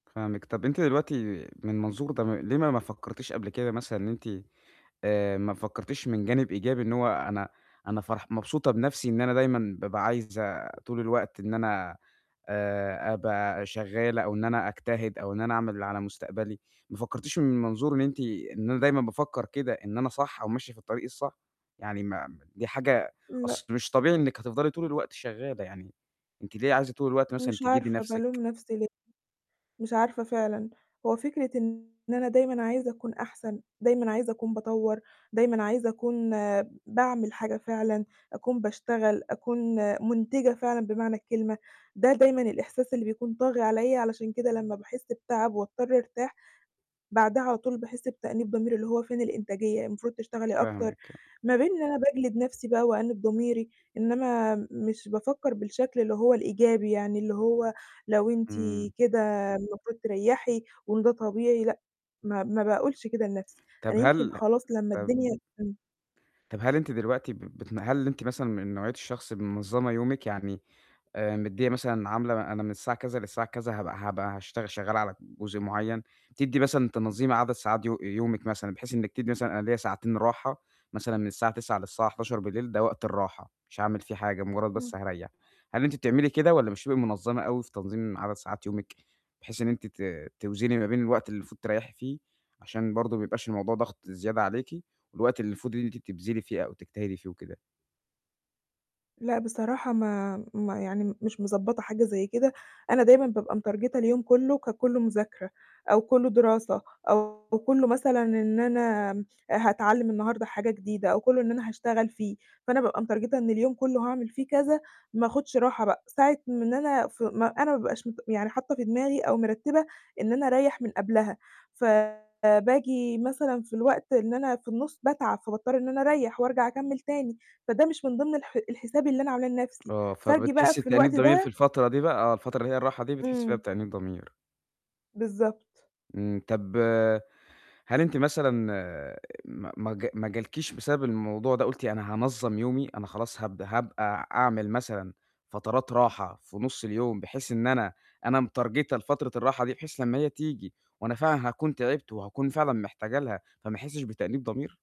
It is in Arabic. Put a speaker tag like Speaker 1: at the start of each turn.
Speaker 1: فاهمِك. طَب أنتِ دلوقتي من المنظور ده، ليه ما ما فكرتيش قبل كده مثلًا إن أنتِ آآ ما فكرتيش من جانب إيجابي إن هو أنا أنا فرح مبسوطة بنفسي إن أنا دايمًا بابقى عايزة طول الوقت إن أنا آآ أبقى شغاّلة أو إن أنا أجتهد أو إن أنا أعمل اللي على مستقبلي، ما فكرتيش من منظور أنتِ إن أنا دايمًا بافكّر كده إن أنا صح أو ماشية في الطريق الصح؟ يعني ما ما دي حاجة
Speaker 2: لأ.
Speaker 1: أصل مش طبيعي إنِّك هتفضلي طول الوقت شغالة يعني، أنتِ ليه عايزة طول الوقت مثلًا
Speaker 2: مش
Speaker 1: تجهدي
Speaker 2: عارفة
Speaker 1: نفسِك؟
Speaker 2: بالوم نفسي ليه. مش عارفة فعلًا. هو فكرة إن أنا دايمًا عايزة أكون أحسن، دايمًا عايزة أكون باطوّر، دايمًا عايزة أكون باعمل حاجة فعلًا، أكون باشتغل، أكون مُنتِجة فعلًا بمعنى الكلمة، ده دايمًا الإحساس اللي بيكون طاغي عليّا، علشان كده لمّا باحس بتعب وأضطر أرتاح، بعدها على طول باحس بتأنيب ضمير، اللي هو فين الإنتاجية، المفروض تشتغلي أكتر.
Speaker 1: فاهمِك آه.
Speaker 2: ما بين إن أنا باجلد نفسي بقى وأأنّب ضميري، إن أنا مش بافكّر بالشكل اللي هو الإيجابي يعني اللي هو لو أنتِ
Speaker 1: إمم.
Speaker 2: كده المفروض تريّحي وإن ده طبيعي لأ ما ما باقولش كده لنفسي،
Speaker 1: طَب
Speaker 2: أنا يمكن
Speaker 1: هل
Speaker 2: خلاص لمّا
Speaker 1: طَب
Speaker 2: الدنيا تن
Speaker 1: طَب هل أنتِ دلوقتي بتن هل أنتِ مثلًا من نوعية الشخص المنظمة يومِك؟ يعني آآ مدّيّة مثلًا عاملة أنا من الساعة كذا للساعة كذا هابقى هابقى هاشتغ شغّالة على جزء معيّن. بتدّي مثلًا تنظيم عدد ساعات يو يومِك مثلًا بحيث إنّك تدي مثلًا أنا ليّا ساعتين راحة مثلًا من الساعة 21:00 للساعة 23:00 ده وقت الراحة، مش هاعمل فيه حاجة، مجرد بس
Speaker 2: إمم.
Speaker 1: هاريّح. هل أنتِ بتعملي كده والَا مش بتبقي منظّمة أوي في تنظيم عدد ساعات يومِك؟ بحيث إن أنتِ ت توزني ما بين الوقت اللي المفروض تريّحي فيه عشان برضه ما يبقاش الموضوع ضغط زيادة عليكِ، والوقت اللي المفروض إن أنتِ تبذلي فيه أو تجتهدي فيه وكده؟
Speaker 2: لأ بصراحة ما ما يعني مش مضبّطة حاجة زي كده، أنا دايمًا بابقى مترجتة اليوم كله ككله مذاكرة أو كله دراسة أو كله مثلًا إن أنا هاتعلّم النهارده حاجة جديدة أو كله إن أنا هاشتغل فيه، فأنا بابقى مترجتة إن اليوم كله هاعمل فيه كذا، ما آخُدش راحة بقى، ساعة من أنا ف ما أنا ما بابقاش مت يعني حاطّة في دماغي أو مرتّبة إن أنا أريّح من قبلها، فباجي مثلًا في الوقت إن أنا في النُّص باتعب، فباضطر إن أنا أريح وأرجع أكمّل تاني، فده مش من ضمن الح الحساب اللي أنا عاملاه لنفسي
Speaker 1: آه
Speaker 2: فاجي بقى
Speaker 1: فبتحسي
Speaker 2: في
Speaker 1: بتأنيب
Speaker 2: الوقت
Speaker 1: ضمير في
Speaker 2: ده
Speaker 1: الفترة دي بقى، آه الفترة اللي هي الراحة دي بتحسي فيها
Speaker 2: إمم.
Speaker 1: بتأنيب ضمير.
Speaker 2: بالضبط.
Speaker 1: امم طَب هل أنتِ مثلًا ما ما جا ما جالكيش بسبب الموضوع ده قُلتِ أنا هانظّم يومي، أنا خلاص هابد هابقى أعمل مثلًا فترات راحة في نص اليوم، بحيث إن أنا أنا مترجِتة لفترة الراحة دي بحيث لمّا هي تيجي وأنا فعلًا هاكون تعبت وهاكون فعلًا محتاجة لها فما أحسش بتأنيب ضمير؟